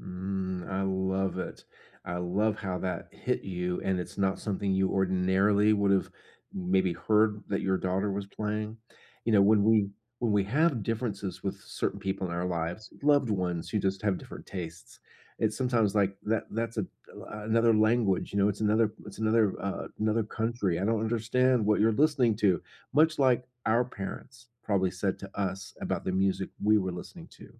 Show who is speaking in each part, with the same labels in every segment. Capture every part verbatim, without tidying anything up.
Speaker 1: Mm, I love it. I love how that hit you and it's not something you ordinarily would have maybe heard that your daughter was playing. You know, when we when we have differences with certain people in our lives, loved ones who just have different tastes, it's sometimes like that that's a l another language, you know, it's another it's another, uh, another country. "I don't understand what you're listening to," much like our parents probably said to us about the music we were listening to.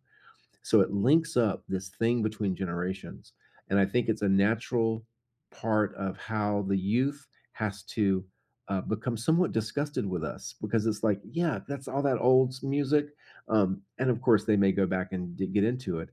Speaker 1: So it links up this thing between generations, and I think it's a natural part of how the youth has to, uh, become somewhat disgusted with us, because it's like, "Yeah, that's all that old school music." Um, and of course they may go back and d get into it,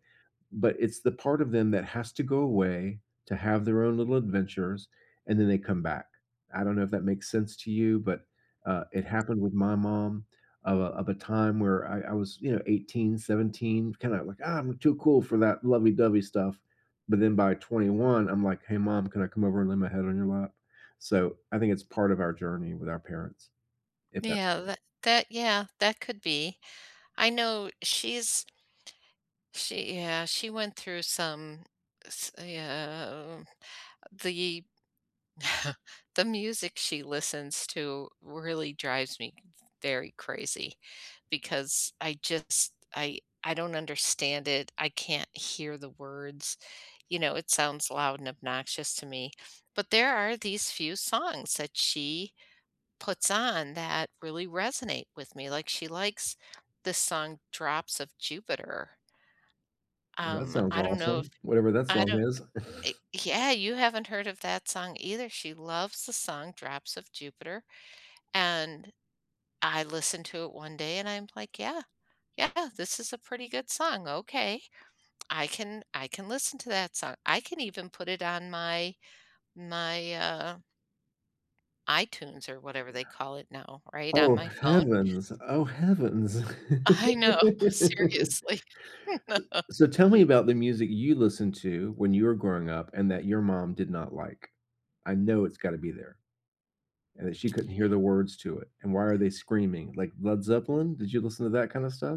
Speaker 1: but it's the part of them that has to go away to have their own little adventures and then they come back. I don't know if that makes sense to you, but, uh, it happened with my mom of a of a time where I I was, you know, eighteen, seventeen, kind of like, "Ah, I'm too cool for that lovey-dovey stuff." But then by twenty one, I'm like, "Hey mom, can I come over and lay my head on your lap?" So I think it's part of our journey with our parents, if that
Speaker 2: Yeah, that that, yeah, that could be. I know she's she, yeah, she went through some, s uh, the the music she listens to really drives me very crazy because I just, I I don't understand it. I can't hear the words, you know, it sounds loud and obnoxious to me, but there are these few songs that she puts on that really resonate with me. Like, she likes the song Drops of Jupiter.
Speaker 1: That
Speaker 2: Um,
Speaker 1: sounds
Speaker 2: I don't know if
Speaker 1: awesome. Whatever that
Speaker 2: I
Speaker 1: song
Speaker 2: don't
Speaker 1: is.
Speaker 2: eh, yeah, you haven't heard of that song either. She loves the song Drops of Jupiter, and I listened to it one day and I'm like, "Yeah, yeah, this is a pretty good song. Okay, I can I can listen to that song. I can even put it on my my, uh iTunes or whatever they call it now,
Speaker 1: [unintelligible]
Speaker 2: right on
Speaker 1: Oh
Speaker 2: my phone."
Speaker 1: heavens! Oh heavens. S
Speaker 2: I know, seriously.
Speaker 1: so, so tell me about the music you listened to when you were growing up and that your mom did not like. I know it's gotta be there. And that she couldn't hear the words to it, and why are they screaming like Led Zeppelin? Did you listen to that kind of stuff?